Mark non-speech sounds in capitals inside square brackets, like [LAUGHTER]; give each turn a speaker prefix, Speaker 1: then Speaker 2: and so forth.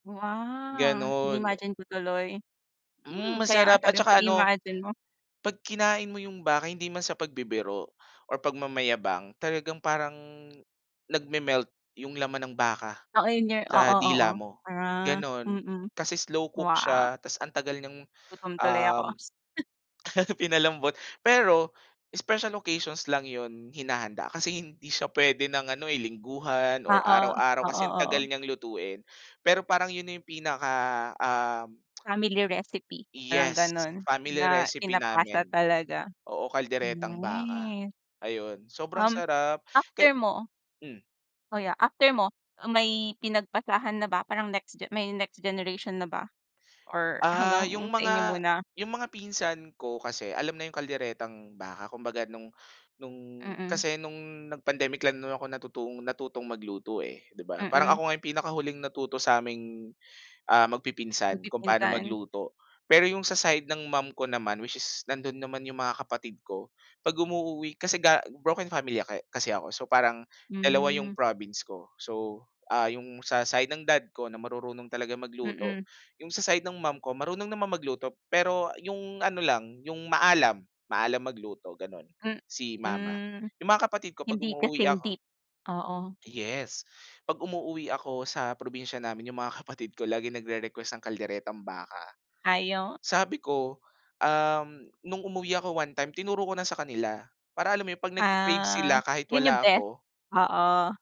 Speaker 1: Wow,
Speaker 2: Ganon.
Speaker 1: inimagine ko tuloy, hmm,
Speaker 2: Hmm,
Speaker 1: kaya nga
Speaker 2: masarap at
Speaker 1: sabi mo
Speaker 2: tsaka
Speaker 1: pag
Speaker 2: ano
Speaker 1: i-imagine mo.
Speaker 2: pag kinain mo yung baka, hindi man sa pagbibiro or pagmamayabang, talagang parang nagmemelt yung laman ng baka
Speaker 1: Oo, yon nga, oo,
Speaker 2: sa
Speaker 1: oo,
Speaker 2: dila mo,
Speaker 1: ah,
Speaker 2: ganon,
Speaker 1: mm,
Speaker 2: kasi slow cook
Speaker 1: wow.
Speaker 2: siya, tas ang tagal niyang,
Speaker 1: Nagutom tuloy ako.
Speaker 2: um,
Speaker 1: [CHUCKLES]
Speaker 2: pinalambot, pero special occasions lang yun hinahanda kasi hindi siya pwede ng ano, eh, lingguhan or
Speaker 1: Oo,
Speaker 2: araw-araw kasi
Speaker 1: oo,
Speaker 2: ang tagal
Speaker 1: oo.
Speaker 2: niyang lutuin, pero parang yun yung pinaka, um,
Speaker 1: Family recipe,
Speaker 2: [CLICKS TONGUE]
Speaker 1: parang
Speaker 2: yes,
Speaker 1: ganun
Speaker 2: family
Speaker 1: na
Speaker 2: recipe
Speaker 1: pinapasa
Speaker 2: namin,
Speaker 1: talaga,
Speaker 2: oo, kalderetang baka,
Speaker 1: hmm.
Speaker 2: ayun, sobrang
Speaker 1: Um,
Speaker 2: sarap kaya
Speaker 1: after mo,
Speaker 2: mm.
Speaker 1: oh yeah, after mo, may pinagpasahan na ba, parang next ge may next generation na ba or
Speaker 2: Ah, yung
Speaker 1: hanggang sa inyo
Speaker 2: mga
Speaker 1: muna.
Speaker 2: yung mga pinsan ko kasi alam na yung kalderetang baka, kumbaga nung nung,
Speaker 1: Mm.
Speaker 2: kasi nung nag-pandemic lang naman ako natutong natutong magluto, eh, 'di ba, parang
Speaker 1: Mm.
Speaker 2: ako nga pinakahuling natuto saming, ah, magpipinsan kung paano
Speaker 1: Magpipinsan.
Speaker 2: magluto, pero yung sa side ng mom ko naman, which is nandun naman yung mga kapatid ko pag umuuwi, kasi, ga broken family ka eh kasi ako, so parang dalawa yung
Speaker 1: Hmm.
Speaker 2: province ko, so, ah, yung sa side ng dad ko na marurunong talagang magluto,
Speaker 1: Mm.
Speaker 2: yung sa side ng mom ko marunong naman magluto pero yung ano lang, yung maalam, maalam magluto, ganon, si mama,
Speaker 1: Mhm,
Speaker 2: yung mga kapatid ko 'pag
Speaker 1: hindi
Speaker 2: umuuwi
Speaker 1: kasing
Speaker 2: ako
Speaker 1: deep, oo.
Speaker 2: yes, pag umuuwi ako sa probinsya namin, yung mga kapatid ko laging nagrerequest ng kalderetang baka,
Speaker 1: Ayon.
Speaker 2: sabi ko, um, nung umuwi ako one time, tinuro ko na sa kanila para alam mo yun, pag nag-cre-crave sila
Speaker 1: Ah,
Speaker 2: kahit
Speaker 1: yun yung
Speaker 2: wala
Speaker 1: best,
Speaker 2: ako.
Speaker 1: oo.